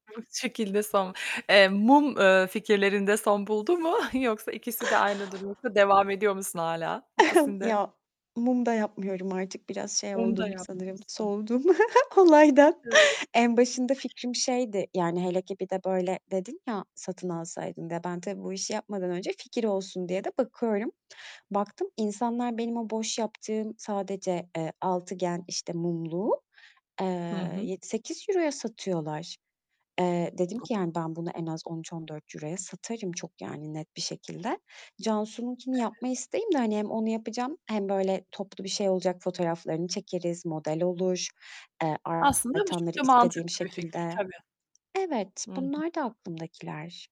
[unintelligible] Şekilde son, eee, mum, eee, fikirlerinde son buldu mu yoksa ikisi de aynı durgunlukta yoksa devam ediyor musun hâlâ? İkisinide Ya, mum da yapmıyorum artık biraz şey Onu da oldum sanırım yapmıyorsun. soğudum olaydan. En başında [unintelligible] fikrim şeydi: Yani hele ki bir de böyle dedin ya, satın alsaydın diye. Ben tabii bu işi yapmadan önce fikir olsun diye de bakıyorum. Baktım insanlar benim o boş yaptığım sadece, eee, altıgen, işte, mumluğu, Hı eee, hı. €7- €8' ya satıyorlar. Eee, dedim ki, yani, ben bunu en az €13- €14'ya satarım çok, yani net bir şekilde. Cansu'nunkini Evet. yapma isteğim de hani hem onu yapacağım hem böyle toplu bir şey olacak fotoğraflarını çekeriz, model olur, eee, Aslında bu artanları çok da istediğim mantıklı bir fikir şekilde. tabii. Evet, Hı hı. bunlardı aklımdakiler.